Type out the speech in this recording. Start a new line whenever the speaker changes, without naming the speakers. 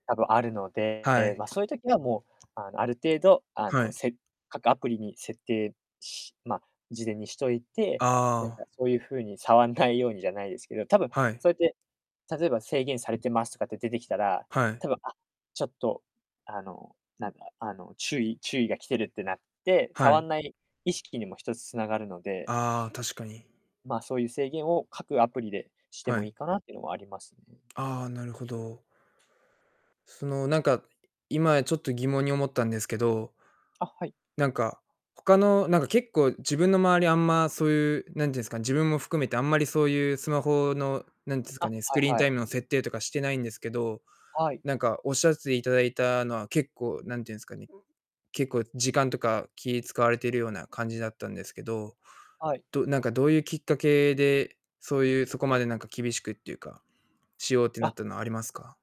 多分、あるの
は
で、
い。
ま、そゆ時はもう、あの、ある程度、あ
は
の、
い。
せ各アプリに設定しま、事前にしといて、なん
あ
か
あ。
そうゆう風に、触んないようにじゃないですけど、多分
はい。
そやって、例えば、制限されてますとかって出てきたら、
はい。
多分、あ、ちょっと、あの、なんだ、あの、注意注意が来てるってなって、
は
触
い。
んない意識にも、一つ、つながるので。
ああ、確かに。
まあ、そうゆう制限を、各アプリでして
は
もい
い。
いかなっていうのもありますね。
ああ、なるほど。そのなんか、今ちょっと、疑問に思ったんですけど
あ、はい。
なんか、他のなんか、結構、自分の周り、あんまそういう、なんてんすか、自分も含めて、あんまりそうゆうスマホの、なんつうすか
あ、
ね、ス
は
ク
い
リーン
は
タ
い。
イムの設定とかしてないんですけど、
はい。
なんかおっしゃっていただいたのは、結構、なんてんすかね、結構時間とか、気使われてるような感じだったんですけど、
はい。
どなんか、どうゆうきっかけで、そうゆう、そこまでなんか、厳しくっていうか、しようってなっ
あ。
たのありますか？